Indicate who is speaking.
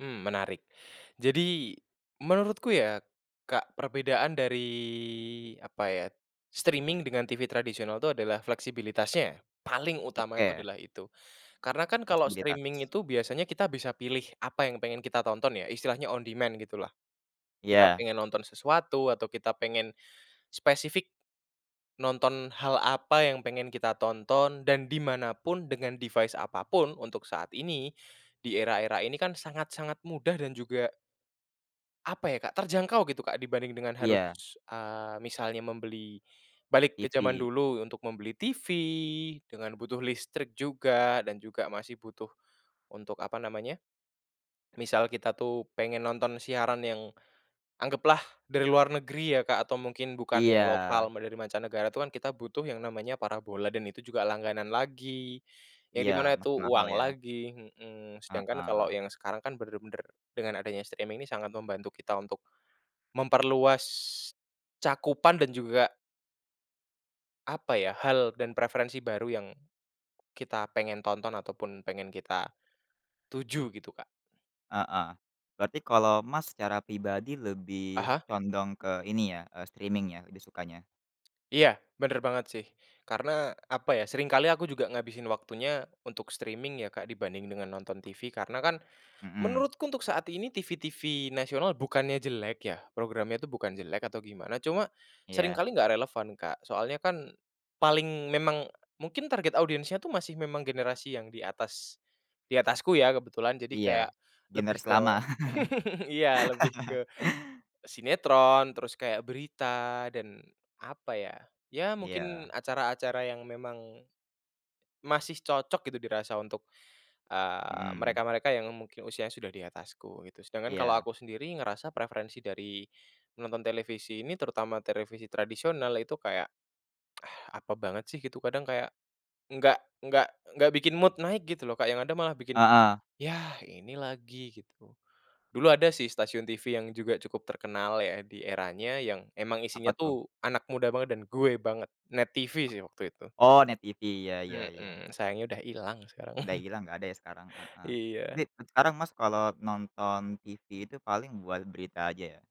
Speaker 1: Hmm, menarik. Jadi menurutku ya Kak, perbedaan dari apa ya, streaming dengan TV tradisional tuh adalah fleksibilitasnya ya, paling utama itu
Speaker 2: Oke.
Speaker 1: adalah itu. Karena kan kalau streaming
Speaker 2: Posibilitas.
Speaker 1: itu biasanya kita bisa pilih apa yang pengen kita tonton ya, istilahnya on demand gitulah. Kita
Speaker 2: Iya.
Speaker 1: pengen nonton sesuatu atau kita pengen spesifik, nonton hal apa yang pengen kita tonton dan di mana pun dengan device apapun untuk saat ini, di era-era ini kan sangat-sangat mudah dan juga apa ya Kak, terjangkau gitu Kak dibanding dengan harus,
Speaker 2: Iya.
Speaker 1: eee, misalnya membeli balik ke zaman
Speaker 2: TV.
Speaker 1: dulu untuk membeli TV dengan butuh listrik juga, dan juga masih butuh untuk, apa namanya, misal kita tuh pengen nonton siaran yang anggaplah dari luar negeri ya Kak atau mungkin bukan yang
Speaker 2: Iya.
Speaker 1: lokal mau dari mancanegara, itu kan kita butuh yang namanya parabola dan itu juga langganan lagi, yang di
Speaker 2: Iya,
Speaker 1: mana itu
Speaker 2: makin mahal
Speaker 1: uang
Speaker 2: ya.
Speaker 1: lagi, mhm, sedangkan kalau
Speaker 2: Heeh.
Speaker 1: yang sekarang kan bener-bener dengan adanya streaming ini sangat membantu kita untuk memperluas cakupan dan juga apa ya, hal dan preferensi baru yang kita pengen tonton ataupun pengen kita tuju, gitu Kak.
Speaker 2: Heeh, berarti kalau Mas secara pribadi
Speaker 1: Ah
Speaker 2: lebih
Speaker 1: hah.
Speaker 2: condong ke ini ya, eee, streaming ya, lebih sukanya?
Speaker 1: Iya, bener banget sih karena apa ya, seringkali aku juga ngabisin waktunya untuk streaming ya Kak dibanding dengan nonton TV, karena kan
Speaker 2: Mhm.
Speaker 1: menurutku untuk saat ini TV-TV nasional, bukannya jelek ya, programnya tuh bukan jelek atau gimana cuma
Speaker 2: Iya.
Speaker 1: seringkali nggak relevan Kak, soalnya kan paling memang mungkin target audiens-nya tuh masih memang generasi yang di atas, di atasku ya kebetulan. Jadi
Speaker 2: Iya,
Speaker 1: kayak lebih
Speaker 2: generasi
Speaker 1: ke
Speaker 2: lama.
Speaker 1: iya, lebih ke sinetron terus kayak berita dan apa ya, ya mungkin
Speaker 2: Iya.
Speaker 1: acara-acara yang memang masih cocok gitu dirasa untuk, eee,
Speaker 2: Mhm.
Speaker 1: mereka-mereka yang mungkin usianya sudah di atasku gitu. Sedangkan kalau
Speaker 2: Iya.
Speaker 1: aku sendiri ngerasa preferensi dari nonton televisi ini terutama televisi tradisional itu kayak, ah, apa banget sih gitu kadang kayak, enggak enggak enggak bikin mood naik gitu loh Kak, yang ada malah bikin,
Speaker 2: Heeh.
Speaker 1: "Yah ini lagi." gitu. Dulu ada sih stasiun TV yang juga cukup terkenal ya di eranya, yang emang
Speaker 2: Apa
Speaker 1: isinya
Speaker 2: tuh?
Speaker 1: tuh anak muda banget dan gue banget, NET TV sih waktu itu.
Speaker 2: Oh, NET TV, iya, ya ya.
Speaker 1: Mhm, sayangnya udah hilang sekarang,
Speaker 2: Udah hilang nggak ada ya sekarang, heeh, tapi
Speaker 1: iya.
Speaker 2: dan sekarang Mas kalau nonton TV itu paling buat berita aja ya?